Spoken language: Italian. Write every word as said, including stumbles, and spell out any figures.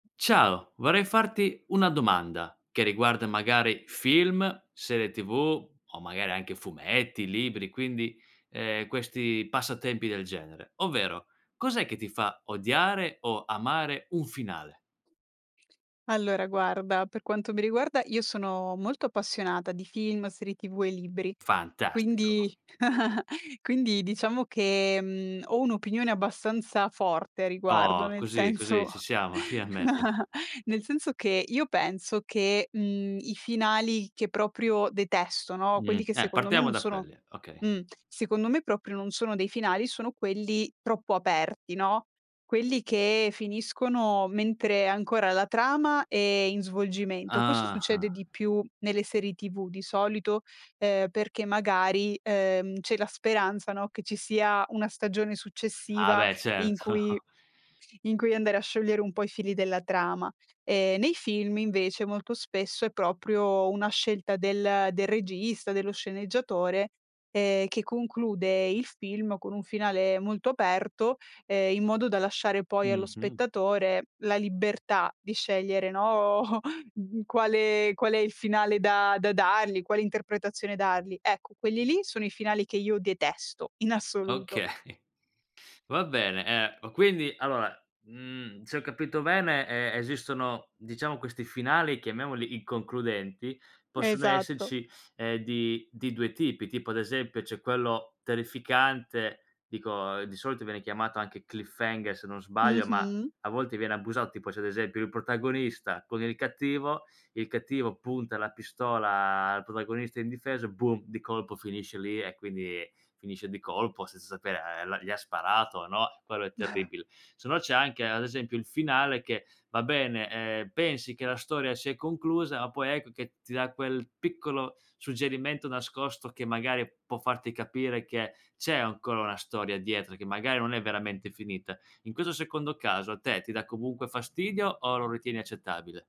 Ciao, vorrei farti una domanda che riguarda magari film, serie TV, o magari anche fumetti, libri, quindi, ehm, questi passatempi del genere, ovvero: cos'è che ti fa odiare o amare un finale? Allora guarda, per quanto mi riguarda, io sono molto appassionata di film, serie TV e libri; Fantastico. quindi quindi diciamo che, mhmm, ho un'opinione abbastanza forte a riguardo, Oh, nel così così senso ci siamo, finalmeve. nel senso che io penso che, mhmm, i finali che proprio detesto, no, Mh, quelli che eh secondo me partiamo non da sono quelli, okay. mh, secondo me proprio non sono dei finali, sono quelli troppo aperti, no, quelli che finiscono mentre ancora la trama è in svolgimento. Questo succede Ah-ah. di più nelle serie TV di solito, ehm, perché magari, ehm, c'è la speranza, no, che ci sia una stagione Ah successiva beh, in cui certo. in cui andare a sciogliere un po' i fili della trama. Ehm, nei film invece molto spesso è proprio una scelta del del regista, dello sceneggiatore, ehm, che conclude il film con un finale molto aperto, ehm, in modo da lasciare poi allo Mh-mh. spettatore la libertà di scegliere, no, mh mhmm, quale qual è il finale da da dargli, quale interpretazione dargli. Ecco, quelli lì sono i finali che io detesto in assoluto. Okay. Va bene. Ehm, ma quindi allora, mhmm, se ho capito bene, ehm, esistono diciamo questi finali chiamiamoli inconcludenti, possono Esatto. esserci, ehm, di due tipi. Tipo ad esempio c'è quello terrificante, dico di solito viene chiamato anche Cliffhanger, se non Mh sbaglio, ma mh. a volte viene abusato: tipo se ad esempio il protagonista con il cattivo, il cattivo punta la pistola al protagonista indifeso, boom, di colpo finisce lì e quindi finisce di colpo senza sapere, ehm, la gli ha sparato o no. Quello è terribile. Se no c'è anche ad esempio il finale che va bene, ehm, pensi che la storia si è conclusa, ma poi ecco che ti dà quel piccolo suggerimento nascosto che magari può farti capire che c'è ancora una storia dietro, che magari non è veramente finita. In questo secondo caso a te ti dà comunque fastidio o lo ritieni accettabile?